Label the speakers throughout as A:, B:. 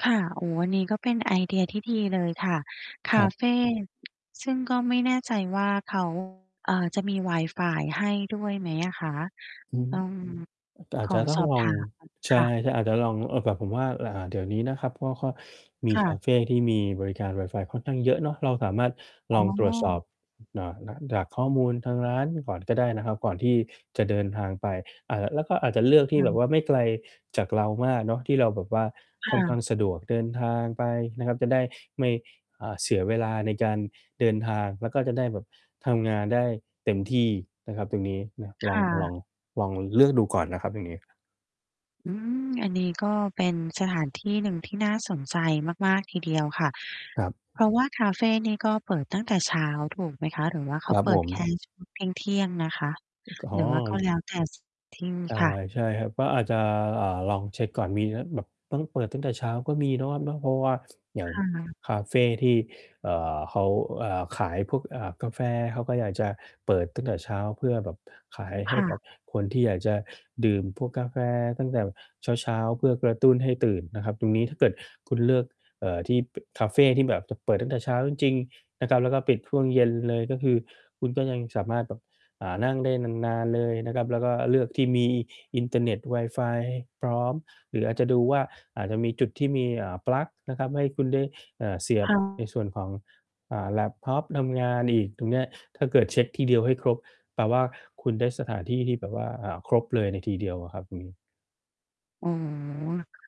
A: ค่ะ อ๋อ อันนี้ก็เป็นไอเดียที่ดีเลยค่ะ ค
B: คร
A: า
B: ับ
A: เฟ ซึ่งก็ไม่แน่ใจว่า เขา เอ่อ จะมีวายฟายให้ด้วยไหมอะคะ?
B: อือ
A: ต้อง
B: อาจ
A: ข
B: จ
A: อ
B: ะต้
A: ส
B: อง
A: อบ
B: ลอ
A: ถ
B: ง
A: ามหน่อย
B: ใช
A: ค่
B: ่
A: ะ
B: อาจจะลอง เอ่อ แบบผมว่า อ่า เดี๋ยวนี้นะครับ เพราะว่าเขามี
A: ค่
B: ค
A: ะ
B: าเฟที่มีบริการวายฟายค่อนข้างเยอะเนาะ เราสามารถ
A: อ
B: ล
A: ๋
B: องตรวจสอบ
A: อ
B: เอ่อ จากข้อมูลทางร้านก่อนก็ได้นะครับ ก่อนที่จะเดินทางไป อ่า ละ แล้วก็อาจจะเลือกที
A: ค
B: ่
A: ่
B: แบบ
A: ะ
B: ว่าไม่ไกลจากเรามากเนาะ ที่เราแบบว่า
A: ค
B: ค่
A: ่
B: อนข้
A: ะ
B: างสะดวกเดินทางไปนะครับ จะได้ไม่ อ่า เสียเวลาในการเดินทาง แล้วก็จะได้แบบทำงานได้เต็มที่นะครับตรงนี้นะ
A: ค
B: ลอ
A: ่
B: ง ลอ
A: ะ
B: ง ลองเลือกดูก่อนนะครับเรื่องนี้ครับ
A: อืม อันนี้ก็เป็นสถานที่หนึ่งที่น่าสนใจมาก ๆ ทีเดียวค่ะ
B: ครับ
A: เพราะว่าคาเฟนี่ก็เปิดตั้งแต่เช้าถูกไหมคะ? หรือว่าเข
B: ค
A: า
B: รับ
A: เป
B: ผ
A: ิดแค
B: ม
A: ่ ช่วง เที่ยง ๆ นะคะ?
B: ก อ๋
A: หรือว่าก็
B: อ
A: แล้วแต่ ที่
B: ใช่
A: ค่ะ
B: ใช่ครับ ก็อาจจะ อ่า ลองเช็กก่อน มีแล้ว แบบต้องเปิดตั้งแต่เช้าก็มีเนาะครับเนาะ เพราะว่า อย่าง
A: ค่ะ
B: คาเฟที่ เอ่อ เขา เอ่อ ขายพวก อ่า กาแฟ เขาก็อยากจะเปิดตั้งแต่เช้า เพื่อแบบขายให
A: ค
B: ้
A: ่
B: ก
A: ะ
B: ับคนที่อยากจะดื่มพวกกาแฟตั้งแต่เช้า ๆ เพื่อกระตุ้นให้ตื่นนะครับ ตรงนี้ถ้าเกิดคุณเลือก เอ่อ ที่ บ คาเฟที่แบบจะเปิดตั้งแต่เช้าจริง ๆ นะครับ แล้วก็ปิดช่วงเย็นเลย ก็คือคุณก็ยังสามารถแบบ อ่า นั่งได้นาน ๆ เลยนะครับ แล้วก็เลือกที่มีอินเทอร์เน็ต วายฟายพร้อม หรืออาจจะดูว่า อาจจะมีจุดที่มี อ่า ปลั๊กนะครับ ให้คุณได้ อ่า เสีย
A: ค
B: บ
A: ่
B: ใน
A: ะ
B: ส่วนของ อ่า แล็ปท็อปทำงานอีก ตรงเนี้ยถ้าเกิดเช็กทีเดียวให้ครบ แปลว่าคุณได้สถานที่ที่แบบว่า อ่า ครบเลยในทีเดียวอะครับ อืม
A: อ๋อ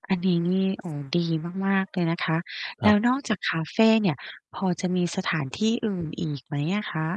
A: อันนี้นี่ โอ้ ดีมาก ๆ เลยนะคะ
B: ค
A: แล
B: รั
A: ้
B: บ
A: วนอกจากคาเฟเนี่ย พอจะมีสถานที่อื่นอีกไหมอะคะ?